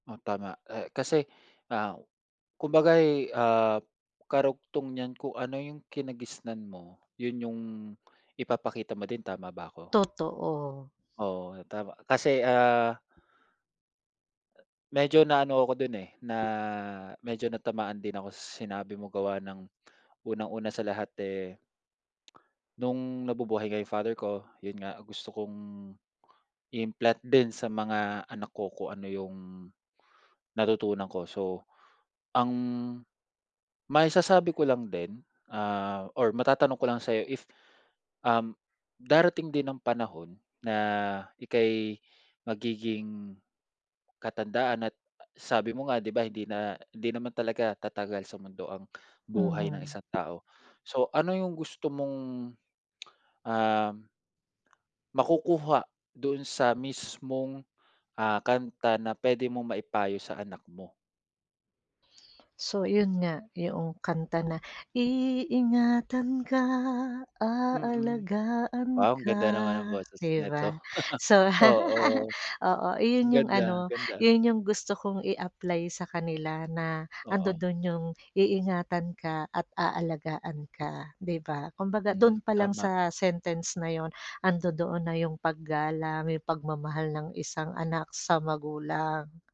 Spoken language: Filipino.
O, tama. Eh, kasi, ah, kumbaga ay, ah, karugtong niyan kung ano yung kinagisnan mo, yun yung ipapakita mo din, tama ba ako? Totoo. Oo, tama. Kasi, ah medyo naano ako dun, eh, na medyo natamaan din ako sinabi mo gawa ng unang-una sa lahat, eh, no'ng nabubuhay nga yung father ko, yun nga, gusto kong i-implant din sa mga anak ko kung ano yung natutunan ko. So, ang maisasabi ko lang din, ah, or matatanong ko lang sa'yo if, um, darating din ang panahon na ika'y magiging katandaan at sabi mo nga, di ba, hindi na hindi naman talaga tatagal sa mundo ang buhay ng Mhm. isang tao. So, ano yung gusto mong, um makukuha doon sa mismong, ah, kanta na puwede mong maipayo sa anak mo? So, yun nga, yoong kanta na, Iingatan ka, Mm. aalagaan Wow, ang ka ganda naman ang boses di ba? neto, So, oo, oo, iyon yung ganda, ano, ganda. yun yung gusto kong i-apply sa kanila na Oo. andodo'n yung iingatan ka at aalagaan ka, di ba? Kumbaga Mm, dun palang tama. sa sentence na yun andodoon na yung paggalang, yung pagmamahal ng isang anak sa magulang.